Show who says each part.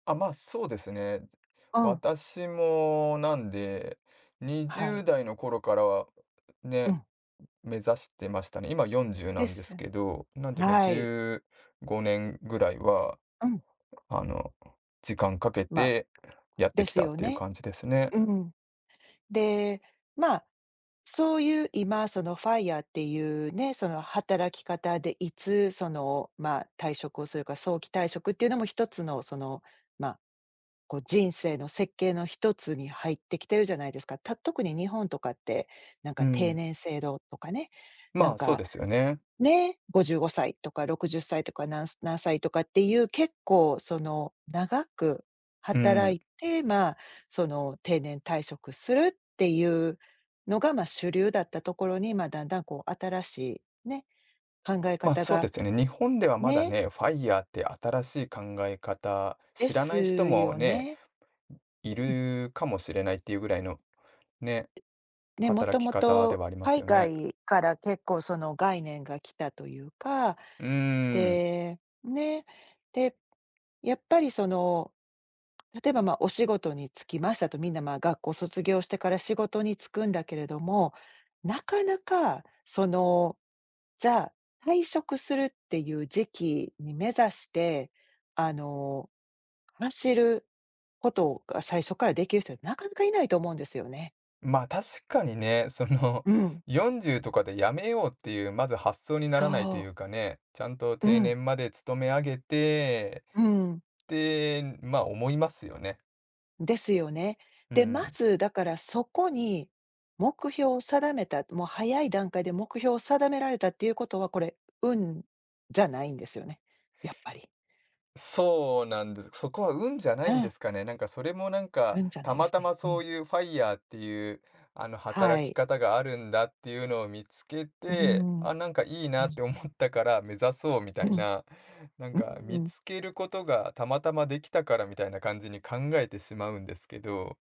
Speaker 1: あ、まそうですね。
Speaker 2: うん。
Speaker 1: 私もなんでにじ
Speaker 2: は
Speaker 1: ゅ
Speaker 2: い。
Speaker 1: うだいの頃からは、
Speaker 2: う
Speaker 1: ね、
Speaker 2: ん。
Speaker 1: 目指してましたね。今40な
Speaker 2: で
Speaker 1: んです
Speaker 2: す。
Speaker 1: けど、なんでも
Speaker 2: は
Speaker 1: じ
Speaker 2: い。
Speaker 1: ゅうごねんぐらいは、
Speaker 2: うん。
Speaker 1: あの、時間かけ
Speaker 2: ま、
Speaker 1: てやって
Speaker 2: で
Speaker 1: き
Speaker 2: す
Speaker 1: たっ
Speaker 2: よ
Speaker 1: ていう
Speaker 2: ね。
Speaker 1: 感じですね。
Speaker 2: うん。で、ま、そういう今その FIRE っていうね、その働き方でいつその、ま、退職をするか、早期退職っていうのも一つのその、ま、こう人生の設計の一つに入ってきてるじゃないですか。た特に日本とかって、なん
Speaker 1: う
Speaker 2: か定
Speaker 1: ん。
Speaker 2: 年制度とかね、な
Speaker 1: ま
Speaker 2: ん
Speaker 1: あ、そう
Speaker 2: か
Speaker 1: ですよね。
Speaker 2: ね、55歳とか60歳とか、なん何歳とかっていう、結構その長く
Speaker 1: う
Speaker 2: 働
Speaker 1: ん。
Speaker 2: いて、まあ、その定年退職するっていうのが、ま、主流だったところに、ま、だんだんこう新しいね、考え
Speaker 1: まあ、
Speaker 2: 方
Speaker 1: そうで
Speaker 2: が
Speaker 1: すよね。日本ではまだ
Speaker 2: ね。
Speaker 1: ね、FIRE って新しい考え方、
Speaker 2: で
Speaker 1: 知ら
Speaker 2: す
Speaker 1: ない人も
Speaker 2: よ
Speaker 1: ね、
Speaker 2: ね。
Speaker 1: い
Speaker 2: うん。
Speaker 1: るかもしれないっていうぐらいのね、
Speaker 2: でね、元
Speaker 1: 働き方で
Speaker 2: 々、
Speaker 1: はあります
Speaker 2: 海
Speaker 1: よね。
Speaker 2: 外から結構その概念が来たというか、
Speaker 1: うーん。
Speaker 2: でね、でやっぱりその、例えば、ま、お仕事に就きましたと、みんな、ま、学校卒業してから仕事に就くんだけれども、なかなかそのじゃあ、退職するっていう時期に目指して、あの走ることが最初からできる人は、なかなかいないと思うんですよね。
Speaker 1: ま、確かにね、その
Speaker 2: うん。
Speaker 1: 40とかで辞めようっていうまず発想にならないと
Speaker 2: そ
Speaker 1: い
Speaker 2: う。
Speaker 1: うかね、ちゃんと
Speaker 2: う
Speaker 1: 定
Speaker 2: ん。
Speaker 1: 年まで勤めあげて
Speaker 2: うん。
Speaker 1: って、ま、思いますよね。
Speaker 2: ですよね。
Speaker 1: う
Speaker 2: で、ま
Speaker 1: ん。
Speaker 2: ず、だからそこに目標を定めたもう早い段階で目標を定められたっていうことは、これ、運じゃないんですよね、やっぱり。
Speaker 1: そうなんです。そこは運じゃな
Speaker 2: う
Speaker 1: いんで
Speaker 2: ん。
Speaker 1: すかね。なんかそれもなんか、
Speaker 2: 運じゃな
Speaker 1: た
Speaker 2: いで
Speaker 1: ま
Speaker 2: す
Speaker 1: たま
Speaker 2: ね。う
Speaker 1: そ
Speaker 2: ん。
Speaker 1: ういう FIRE っていう、あの
Speaker 2: は
Speaker 1: 働き
Speaker 2: い。
Speaker 1: 方があるんだっていうのを見つけ
Speaker 2: ん、うー
Speaker 1: て、
Speaker 2: ん、
Speaker 1: あ、なんかいい
Speaker 2: う
Speaker 1: なっ
Speaker 2: ん。
Speaker 1: て思ったから目指そうみた
Speaker 2: う
Speaker 1: い
Speaker 2: ん。
Speaker 1: な、なん
Speaker 2: う
Speaker 1: か
Speaker 2: ー
Speaker 1: 見
Speaker 2: ん。
Speaker 1: つけることがたまたまできたからみたいな感じに考えてしまうんですけど。